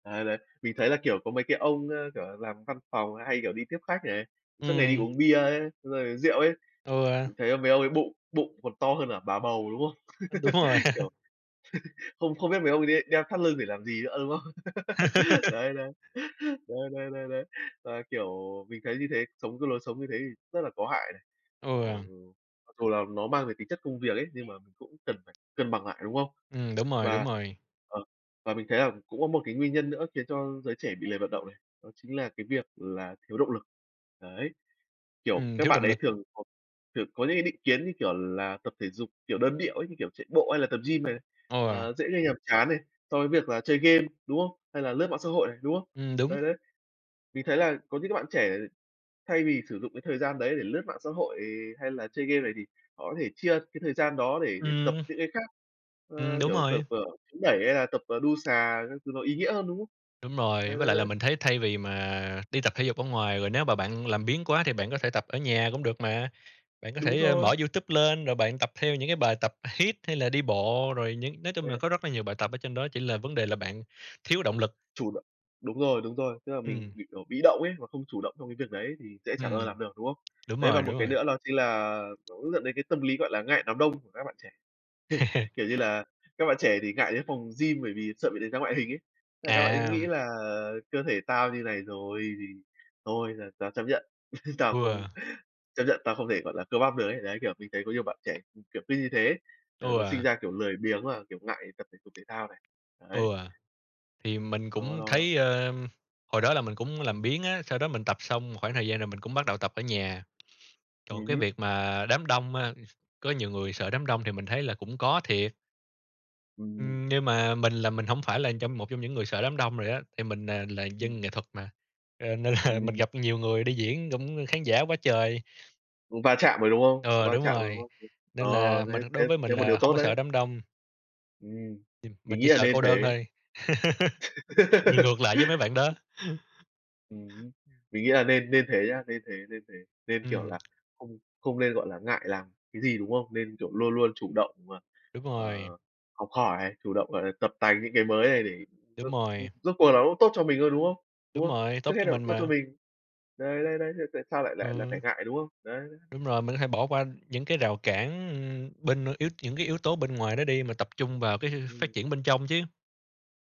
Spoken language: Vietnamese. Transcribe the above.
Đấy, đấy. Mình thấy là, kiểu, có mấy cái ông, ơ, kiểu là, làm văn phòng hay, kiểu, đi tiếp khách này, suốt ngày đi Ừm. uống bia ấy, rồi rượu ấy, Ừ. mình thấy mấy ông ấy bụng bụng còn to hơn cả bà bầu, đúng không? Ừm, đúng rồi. Kiểu, không không biết mấy ông ấy đê đeo thắt lưng để làm gì nữa, đúng không? Đấy, đấy, đấy, đấy, đấy, đấy. Và, kiểu, mình thấy như thế, sống cái lối sống như thế thì rất là có hại này. Kiểu, ờ, Ừ. mặc dù là nó mang về tính chất công việc ấy, nhưng mà cũng cần phải cân bằng lại, đúng không? Ừm, đúng rồi, đúng Và rồi. ờ, và mình thấy là cũng có một cái nguyên nhân nữa khiến cho giới trẻ bị lười vận động này, đó chính là cái việc là thiếu động lực. Đấy, kiểu, Ừm, các thiếu bạn động ấy lực. thường có thường có những cái định kiến, như kiểu là, tập thể dục, kiểu, đơn điệu ấy, như kiểu, chạy bộ hay là tập gym này, Ừ. ờ, dễ gây nhàm chán này so với việc là chơi game, đúng không? Hay là lướt mạng xã hội này, đúng không? Ừm, đúng. Đấy, đấy, mình thấy là có những cái bạn trẻ thay vì sử dụng cái thời gian đấy để lướt mạng xã hội, hay là chơi game này, thì họ có thể chia cái thời gian đó để tập Ừm. những cái khác. Ừm, Ờ, đúng kiểu, tập, rồi. ờ, chống đẩy, hay là tập, ờ, đu xà các thứ, nó ý nghĩa hơn, đúng không? Đúng rồi. Đấy, Với đấy, lại là đấy. mình thấy thay vì mà đi tập thể dục ở ngoài, rồi nếu mà bạn làm biếng quá thì bạn có thể tập ở nhà cũng được mà, bạn có Đúng thể, ơ, rồi. mở YouTube lên, rồi bạn tập theo những cái bài tập hít hay là đi bộ, rồi những nói chung là Ừ. có rất là nhiều bài tập ở trên đó, chỉ là vấn đề là bạn thiếu động lực. Chủ động đúng rồi, đúng rồi. Tức là mình Ừm. bị kiểu bị động ấy và không chủ động trong cái việc đấy thì sẽ chẳng bao giờ Ừm, làm được, đúng không? đúng Đấy, và rồi, một đúng cái rồi. nữa đó chính là nó cũng dẫn đến cái tâm lý, gọi là, ngại đám đông của các bạn trẻ. Kiểu như là, các bạn trẻ thì ngại đến phòng gym bởi vì sợ bị đánh giá ngoại hình ấy. Thế là các bạn ấy À. nghĩ là "cơ thể tao như này rồi thì thôi là tao chấp nhận, tao không Ừ. chấp nhận tao không thể, gọi là, cơ bắp được" ấy. Đấy, kiểu, mình thấy có nhiều bạn trẻ kiểu cứ như thế, ờ, nó sinh Ừ. ra, kiểu, lười biếng và, kiểu, ngại tập thể dục thể thao này. Đấy. Ừ, thì mình Nó, cũng nó, nó thấy, ờm, hồi đó là mình cũng có làm biếng á, sau đó mình tập xong một khoảng thời gian rồi mình cũng bắt đầu tập ở nhà. Còn Ừm cái hứm. việc mà đám đông á, có nhiều người sợ đám đông thì mình thấy là cũng có thiệt. Ừm. Ừm, nhưng mà mình là mình hổng phải là trong một trong những người sợ đám đông rồi á, thì mình, à, là Ừm. dân nghệ thuật mà, ơ, nên là mình Ừm. gặp nhiều người đi diễn cũng khán giả quá trời. Va chạm rồi, đúng không? Ừ, Va đúng chạm rồi, đúng rồi. không? Ờ, Nên là mình thế đối thế với mình thế một điều là hông tốt có đấy. sợ đám đông. Ừm, Thì mình mình chỉ nghĩ là sợ nên cô đơn thế. thôi. Mình ngược lại với mấy bạn đó. Ừm hưm. Mình nghĩ là nên nên thế nhá, nên thế, nên thế. Nên, kiểu Ừm. là, không không nên, gọi là, ngại làm cái gì, đúng hông? Nên, kiểu, luôn luôn chủ động và, Đúng rồi. ờ, học hỏi, chủ động, gọi là, tập tành những cái mới này để, Đúng ừm, ừm, rồi. rốt cuộc là nó cũng tốt cho mình thôi, đúng không? Đúng Đúng không? rồi. Trước Tốt hết cho là cũng mình tốt cho mà. mình. Đấy, đấy, đấy, thế tại sao lại lại lại phải Ờ. ngại, đúng không? Đấy, đấy, đấy. Đúng rồi. Mình có thể bỏ qua những cái rào cản, ừm, bên, ơ, yếu những cái yếu tố bên ngoài đó đi, mà tập trung vào cái, ơ, Ừm. phát triển bên trong chứ.